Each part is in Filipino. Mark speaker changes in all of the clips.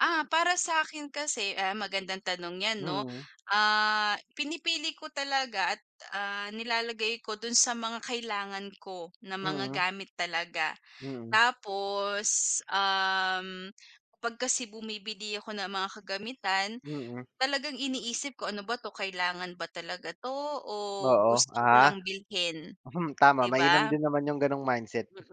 Speaker 1: Ah, para sa'kin kasi, ah magandang tanong yan, 'no?
Speaker 2: Mm.
Speaker 1: Ah, pinipili ko talaga at, ah, nilalagay ko dun sa mga kailangan ko na mga
Speaker 2: Mm.
Speaker 1: gamit talaga.
Speaker 2: Mm.
Speaker 1: Tapos, um, pag kasi bumibili ako ng mga kagamitan
Speaker 2: Mm.
Speaker 1: talagang iniisip ko, "Ano ba 'to? Kailangan ba talaga 'to o
Speaker 2: Oo,
Speaker 1: gusto ko
Speaker 2: ah.
Speaker 1: lang bilhin?"
Speaker 2: Mhm, tama
Speaker 1: 'Di
Speaker 2: mainam
Speaker 1: ba?
Speaker 2: din naman yung ganong mindset.
Speaker 1: Mm,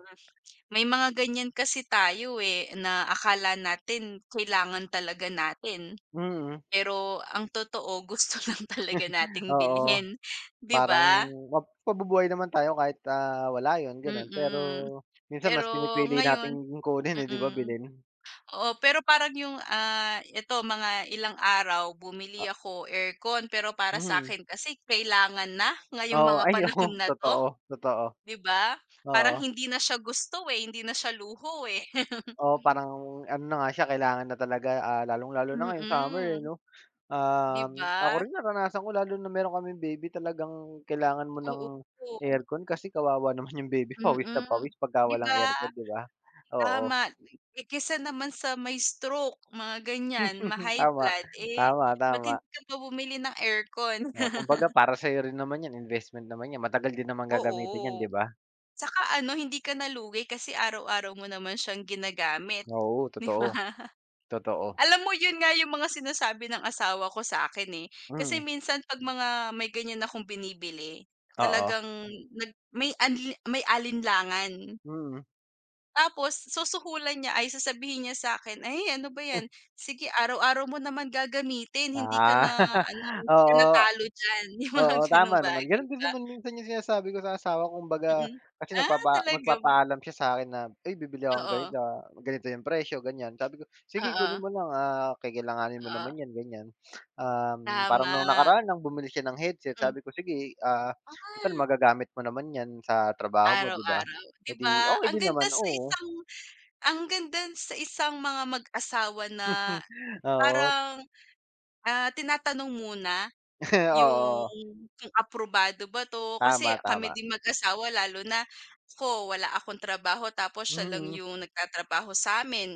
Speaker 1: may mga ganyan kasi tayo, eh, na akala natin kailangan talaga natin.
Speaker 2: Mm.
Speaker 1: Pero ang totoo gusto lang talaga nating
Speaker 2: Oo,
Speaker 1: bilhin, 'di
Speaker 2: parang
Speaker 1: ba?
Speaker 2: map mabubuhay naman tayo kahit, ah, wala yun, ganun. Pero
Speaker 1: Mm,
Speaker 2: minsan
Speaker 1: pero
Speaker 2: mas pinipili
Speaker 1: ngayon
Speaker 2: nating kunin, eh, 'di ba?
Speaker 1: mm.
Speaker 2: Bilhin.
Speaker 1: Oh, pero parang yung, ah, ito mga ilang araw bumili
Speaker 2: Ah.
Speaker 1: ako aircon. Pero para
Speaker 2: Mhm.
Speaker 1: sakin kasi kailangan na ngayong
Speaker 2: Oo,
Speaker 1: mga
Speaker 2: ay
Speaker 1: panahon
Speaker 2: oo
Speaker 1: na to,
Speaker 2: totoo, totoo.
Speaker 1: 'di ba? Parang
Speaker 2: Oo.
Speaker 1: hindi na siya gusto, eh, hindi na siya luho, eh.
Speaker 2: Oo, parang ano na nga siya kailangan na talaga, ah, lalong lalo na ngayong summer, eh,
Speaker 1: Mm,
Speaker 2: 'no?
Speaker 1: 'di
Speaker 2: Um, ako
Speaker 1: ba?
Speaker 2: rin naranasan ko lalo na meron kaming baby talagang kailangan mo ng
Speaker 1: Oo, po.
Speaker 2: aircon, kasi kawawa naman yung baby pawis na
Speaker 1: Mm,
Speaker 2: pawis pagka
Speaker 1: 'di
Speaker 2: walang
Speaker 1: ba?
Speaker 2: aircon, 'di ba? Oo.
Speaker 1: Tama ne eh, kaysa naman sa mai-stroke mga ganyan, ma-high
Speaker 2: Tama,
Speaker 1: blood, eh,
Speaker 2: tama,
Speaker 1: ba't
Speaker 2: tama.
Speaker 1: hindi ka pa bumili ng aircon.
Speaker 2: Oh, kumbaga para sa'yo rin naman yan, investment naman yan matagal din naman gagamitin yan,
Speaker 1: Oo,
Speaker 2: 'di ba?
Speaker 1: tsaka ano hindi ka na lugi kasi araw-araw mo naman siyang ginagamit,
Speaker 2: Oo,
Speaker 1: 'di ba?
Speaker 2: totoo, totoo.
Speaker 1: Alam mo yun nga yung mga sinasabi ng asawa ko sa'kin, eh. Kasi
Speaker 2: Mm.
Speaker 1: minsan 'pag mga may ganyan akong binibili
Speaker 2: Oo.
Speaker 1: talagang nag may anli may alinlangan.
Speaker 2: Mm.
Speaker 1: Tapos susuhulan niya ay sasabihin niya sa'kin, "Ay, ano ba
Speaker 2: Heh.
Speaker 1: yan? Sige araw-araw mo naman gagamitin. Hindi ka
Speaker 2: Ah,
Speaker 1: na ano hindi kana
Speaker 2: oo.
Speaker 1: talo diyan." Yung mga
Speaker 2: Oo,
Speaker 1: ganong
Speaker 2: tama naman
Speaker 1: bagay
Speaker 2: ganon din
Speaker 1: ba.
Speaker 2: naman minsan yung sinasabi ko sa asawa ko. Kumbaga
Speaker 1: Mm,
Speaker 2: kasi
Speaker 1: ah,
Speaker 2: nagpapa
Speaker 1: talaga ba.
Speaker 2: magpapaalam siya sa'kin na, "Ay bibili ako
Speaker 1: Oo.
Speaker 2: ganito, ganito yung presyo, ganyan." Sabi ko, "Sige kunin
Speaker 1: Oo.
Speaker 2: mo lang, ah, kakailanganin mo naman
Speaker 1: Oo.
Speaker 2: yan ganyan." Um, parang nung
Speaker 1: Tama.
Speaker 2: nakaraan ng bumili siya ng headset
Speaker 1: Mhm.
Speaker 2: sabi ko, "Sige, ah, total
Speaker 1: Ay.
Speaker 2: magagamit mo naman yan sa trabaho mo, 'di ba?"
Speaker 1: Araw-araw, 'di
Speaker 2: Eh di
Speaker 1: ba?
Speaker 2: okay
Speaker 1: Ang
Speaker 2: din
Speaker 1: ganda
Speaker 2: naman,
Speaker 1: sa
Speaker 2: oo.
Speaker 1: isang ang ganda sa isang mga mag-asawa na
Speaker 2: Oo.
Speaker 1: parang, ah, tinatanong muna yung
Speaker 2: Oo.
Speaker 1: kung aprobado ba 'to, kasi
Speaker 2: Tama,
Speaker 1: kami
Speaker 2: tama.
Speaker 1: din mag-asawa, lalo na ako wala akong trabaho tapos siya lang
Speaker 2: Mm.
Speaker 1: yung nagtatrabaho sa'min.